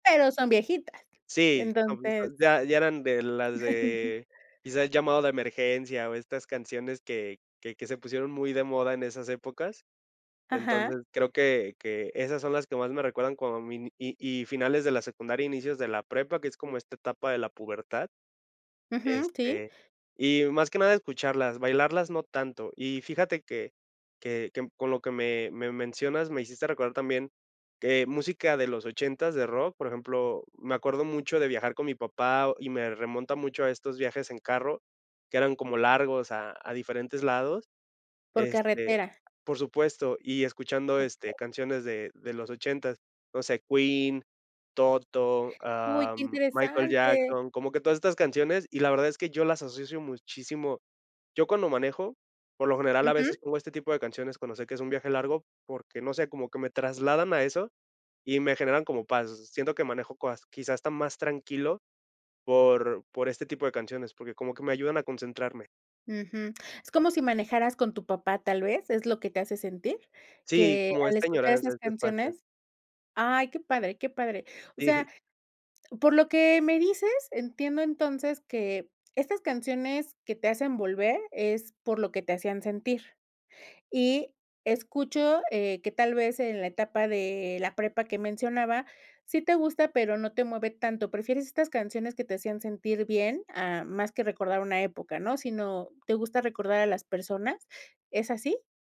Pero son viejitas, Sí, no, pues, entonces [unintelligible] ya ya eran de las de quizás, "Llamado de emergencia" o estas canciones que que que se pusieron muy de moda en esas épocas. Entonces, Ajá. creo que que esas son las que más me recuerdan cuando mini y y finales de la secundaria, inicios de la prepa, que es como esta etapa de la pubertad. Ujú. Sí. Este, y más que nada escucharlas, bailarlas no tanto. Y fíjate que que que con lo que me me mencionas, me hiciste recordar también que música de los ochentas de rock, por ejemplo, me acuerdo mucho de viajar con mi papá o y me remonta mucho a estos viajes en carro, que eran como largos a a diferentes lados, Por este carretera. por supuesto, y escuchando, Okey. este, canciones de de los ochentas. No sé, Queen, Toto, Uy, qué am, Michael interesante. Jackson, como que todas estas canciones, y la verdad es que yo las asocio muchísimo. Yo cuando manejo, por lo general, a Ujú. veces pongo este tipo de canciones cuando sé que es un viaje largo porque, no sé, como que me trasladan a eso y me generan como paz. Siento que manejo coas quizás hasta más tranquilo por por este tipo de canciones, porque como que me ayudan a concentrarme. Ujú. Es como si manejaras con tu papá. Tal vez es lo que te hace sentir, Sí, que como al esta escuchar añoranza, esas este espacio. canciones ay, qué padre, qué padre. O Sí. sea, por lo que me dices, entiendo entonces que estas canciones que te hacen volver es por lo que te hacían sentir. Y escucho, eh, que, tal vez, en la etapa de la prepa que mencionaba, sí te gusta, pero no te mueve tanto, prefieres estas canciones que te hacían sentir bien, a más que recordar una época, ¿no? Si no, ¿te gusta recordar a las personas? ¿Es así?